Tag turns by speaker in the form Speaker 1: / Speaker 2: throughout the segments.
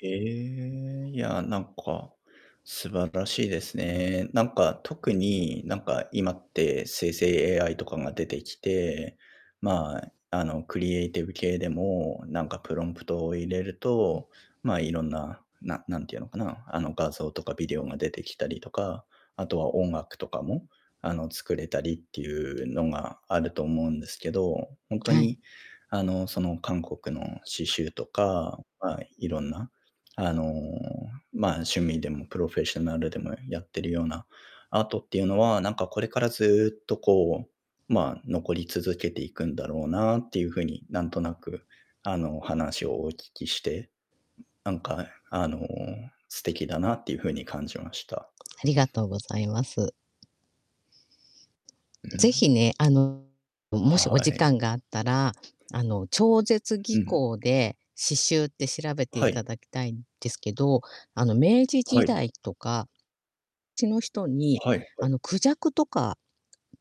Speaker 1: ええ、いや、なんか、素晴らしいですね。なんか特に、なんか今って生成 AI とかが出てきて、まあ、あの、クリエイティブ系でも、なんかプロンプトを入れる
Speaker 2: うん。
Speaker 1: と、まあ、色んな、な何て言うのかな、あの、画像とかビデオが出てきたりとか、あとは音楽とかも、あの、作れたりっていうのがあると思うんですけど、ほんと
Speaker 2: はい。
Speaker 1: にあの、その韓国の刺繍とか、まあ色んな、あの、まあ、趣味でもプロフェッショナルでもやってるようなアートっていうのはなんかこれからずっとこう、まあ、残り続けていくんだろうなっていう風になんとなく、あの、話をお聞きして、なんか、あの、素敵だなっていう風に感じました。
Speaker 2: ありがとうございます。
Speaker 1: う
Speaker 2: ぜひ
Speaker 1: ん。
Speaker 2: ね、あの、もしお
Speaker 1: は
Speaker 2: 時
Speaker 1: い。
Speaker 2: 間があったら、あの、超絶技
Speaker 1: うん。
Speaker 2: 巧で、刺繍って調べて
Speaker 1: はい。
Speaker 2: 頂きたいんですけど、あの、明治
Speaker 1: は
Speaker 2: 時
Speaker 1: い。
Speaker 2: 代とかちの人に、
Speaker 1: はいは
Speaker 2: あ
Speaker 1: い。
Speaker 2: の、孔雀とか、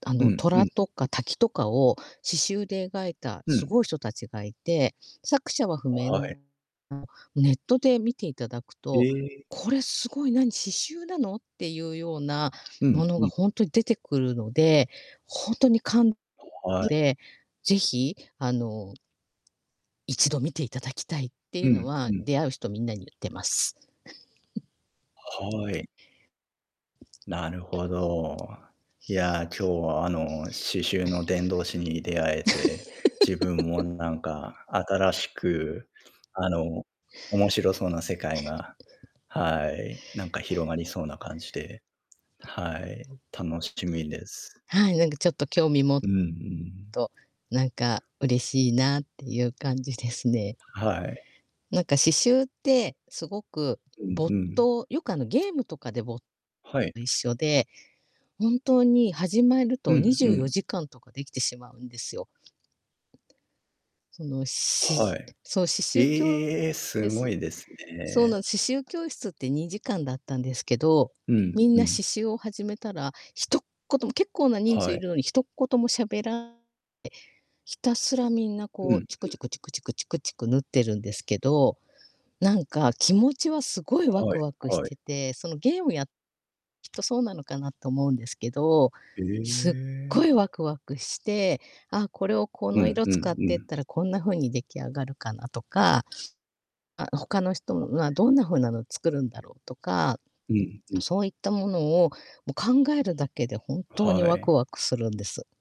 Speaker 2: あ
Speaker 1: う
Speaker 2: の、
Speaker 1: んう
Speaker 2: 虎
Speaker 1: ん。
Speaker 2: とか滝とかを刺繍で描いた
Speaker 1: う
Speaker 2: す
Speaker 1: ん。
Speaker 2: ごい人たちがいて、作者は不明
Speaker 1: は
Speaker 2: な
Speaker 1: い。
Speaker 2: ネットで見て頂く
Speaker 1: へ
Speaker 2: と、
Speaker 1: え。
Speaker 2: 「これすごい、何、刺繍なの？」っていうような
Speaker 1: う
Speaker 2: も
Speaker 1: ん
Speaker 2: の
Speaker 1: う
Speaker 2: が
Speaker 1: ん。
Speaker 2: ほんと出てくるので、ほんとにかん
Speaker 1: はい。
Speaker 2: で、是非、あの一度見ていただきたいってい
Speaker 1: う
Speaker 2: うの
Speaker 1: ん、
Speaker 2: は、
Speaker 1: うん。
Speaker 2: 出会う人みんなに言ってます。
Speaker 1: は い。なるほど。いや今日はあの刺繍の 伝道師に出会えて、自分もなん か新しく、あの、面白そうな世界が、はい、なんか広がり そうな感じで、はい、楽しみです。
Speaker 2: はい、なんかちょっと興味も
Speaker 1: うんうん。
Speaker 2: と、なんか嬉しいなっていう感じですね。
Speaker 1: はい。
Speaker 2: なんか刺繍ってすごく
Speaker 1: うんう
Speaker 2: 没
Speaker 1: ん。
Speaker 2: 頭よくあのゲームとかで没
Speaker 1: はい。
Speaker 2: と一緒で、本当に始まる
Speaker 1: う
Speaker 2: とに
Speaker 1: ん
Speaker 2: じゅ
Speaker 1: う
Speaker 2: うよ
Speaker 1: ん。
Speaker 2: じかんとかできてしまうんですよ。その、
Speaker 1: は
Speaker 2: し
Speaker 1: い。
Speaker 2: そう、刺繍きょう
Speaker 1: ええ、す
Speaker 2: え
Speaker 1: ご
Speaker 2: す
Speaker 1: いです
Speaker 2: そう
Speaker 1: ね。
Speaker 2: なん、刺繍教室って2時間だったんですけど、
Speaker 1: うん、
Speaker 2: みん
Speaker 1: う
Speaker 2: な刺
Speaker 1: ん。
Speaker 2: 繍を始めたら、ひとっ言も結構な人数
Speaker 1: は
Speaker 2: い
Speaker 1: い。
Speaker 2: るのに、一言も喋らえ、ひたすらみんな
Speaker 1: う
Speaker 2: こう
Speaker 1: ん、
Speaker 2: チ
Speaker 1: ふ
Speaker 2: クチ
Speaker 1: ん。
Speaker 2: クチクチクチクチク縫ってるんですけど、なんか気持ちはすごいワ
Speaker 1: は
Speaker 2: ク
Speaker 1: い、
Speaker 2: ワクし
Speaker 1: はい。
Speaker 2: てて、そのゲームやっきっとそうなのかなと思うんですけど、
Speaker 1: え
Speaker 2: すっご
Speaker 1: え。
Speaker 2: いワクワクして、「ああ、これをこ
Speaker 1: う
Speaker 2: の
Speaker 1: ん
Speaker 2: 色
Speaker 1: う
Speaker 2: 使
Speaker 1: ん
Speaker 2: っ
Speaker 1: う
Speaker 2: てっ
Speaker 1: ん。
Speaker 2: たらこんな風に出来上がるかな」とか、「あ、他の人
Speaker 1: お、へ
Speaker 2: は
Speaker 1: え。
Speaker 2: どんな風なの作るんだろう」とか、
Speaker 1: うん、うん。
Speaker 2: そういったものを、も、考えるだけで本当に
Speaker 1: は
Speaker 2: ワク
Speaker 1: い。
Speaker 2: ワクするんです。